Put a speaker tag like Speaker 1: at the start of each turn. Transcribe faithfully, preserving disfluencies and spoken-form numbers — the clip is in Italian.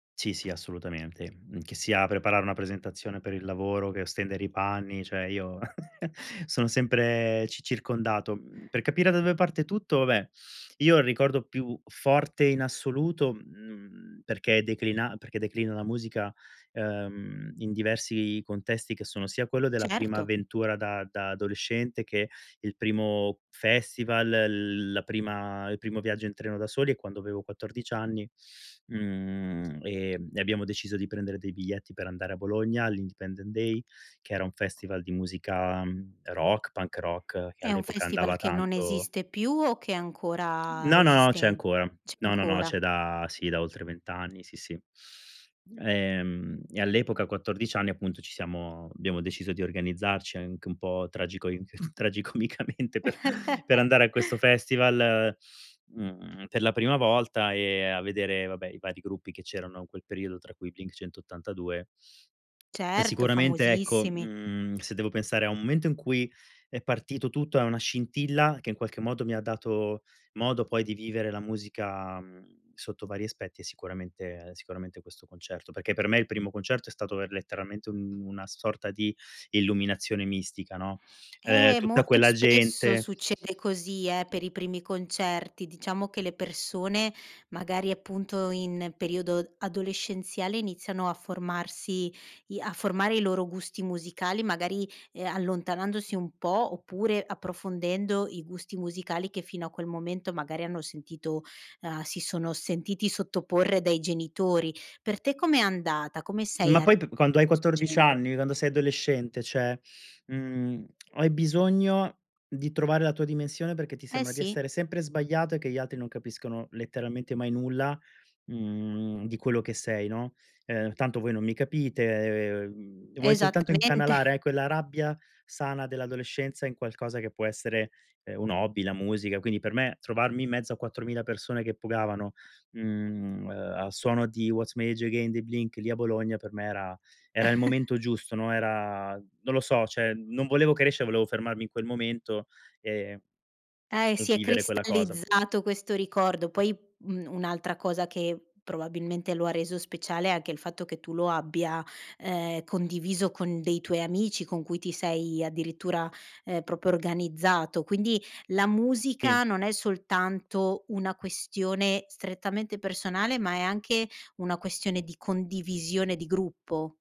Speaker 1: Sì, sì, assolutamente. Mhmm, che sia preparare una presentazione per il lavoro, che stendere i panni, cioè io sono sempre ci circondato. Mhmm, per capire da dove parte tutto, vabbè, io ho il ricordo più forte in assoluto, mhmm, perché declina perché declina la musica, uhm, in diversi contesti, che sono sia quello della prima
Speaker 2: Certo.
Speaker 1: avventura da da adolescente che il primo festival, l la prima il primo viaggio in treno da soli, è quando avevo quattordici anni, mhmm, ehm, e abbiamo deciso di prendere dei biglietti per andare a Bologna all'Independent Day, che era un festival di musica rock, punk rock, che
Speaker 2: È un
Speaker 1: all'epoca
Speaker 2: festival
Speaker 1: andava
Speaker 2: che non
Speaker 1: tanto.
Speaker 2: esiste più o che ancora
Speaker 1: No, no, no, c'è
Speaker 2: esiste,
Speaker 1: ancora.
Speaker 2: c'è
Speaker 1: No, no, no,
Speaker 2: ancora?
Speaker 1: c'è da sì, da oltre vent anni, sì, sì. Ehm, e all'epoca a quattordici anni appunto ci siamo abbiamo deciso di organizzarci anche un po' tragico tragicomicamente per per andare a questo festival, mhmm, per la prima volta, ehm, a vedere vabbè i vari gruppi che c'erano in quel periodo, tra cui i Blink-182. E
Speaker 2: Certo,
Speaker 1: sicuramente, ecco,
Speaker 2: famosissimi.
Speaker 1: mhmm, se devo pensare a un momento in cui è partito tutto e una scintilla che in qualche modo mi ha dato modo poi di vivere la musica, mh, sotto vari aspetti, è sicuramente sicuramente questo concerto. Perché per me il primo concerto è stato er letteralmente un una sorta di illuminazione mistica, no, ehm,
Speaker 2: Eh,
Speaker 1: tutta
Speaker 2: molto
Speaker 1: quella
Speaker 2: spesso
Speaker 1: gente
Speaker 2: succede così, eh, per i primi concerti. Diciamo che le persone magari appunto in periodo adolescenziale iniziano a formarsi i a formare i loro gusti musicali, magari, ehm, allontanandosi un po' oppure approfondendo i gusti musicali che fino a quel momento magari hanno sentito, uhm, si sono sentiti sottoporre dai genitori. Per te com'è andata? Come sei
Speaker 1: Ma
Speaker 2: ar
Speaker 1: poi p
Speaker 2: a
Speaker 1: quando hai
Speaker 2: questo
Speaker 1: quattordici
Speaker 2: genere?
Speaker 1: anni, quando sei adolescente, cioè, mhmm, hai bisogno di trovare la tua dimensione perché ti
Speaker 2: Eh,
Speaker 1: sembra di
Speaker 2: sì.
Speaker 1: essere sempre sbagliato e che gli altri non capiscono letteralmente mai nulla, mhmm, di quello che sei, no, uhm: "Tanto voi non mi capite", vuoi soltanto
Speaker 2: Esattamente.
Speaker 1: incanalare quella rabbia sana dell'adolescenza in qualcosa che può essere, ehm, un hobby, la musica, quindi per me trovarmi in mezzo a quattromila persone che pogavano, mhmm, uhm, al suono di What's My Age dei Blink lì a Bologna per me era era il momento giusto, no, era, non lo so, cioè non volevo crescere, volevo fermarmi in quel momento e
Speaker 2: Eh, si è
Speaker 1: vivere quella cosa.
Speaker 2: cristallizzato questo ricordo. Poi un un'altra cosa che probabilmente lo ha reso speciale è anche il fatto che tu lo abbia, ehm, condiviso con dei tuoi amici, con cui ti sei addirittura, ehm, proprio organizzato. Quindi la
Speaker 1: Sì.
Speaker 2: musica non è soltanto una questione strettamente personale, ma è anche una questione di condivisione di gruppo.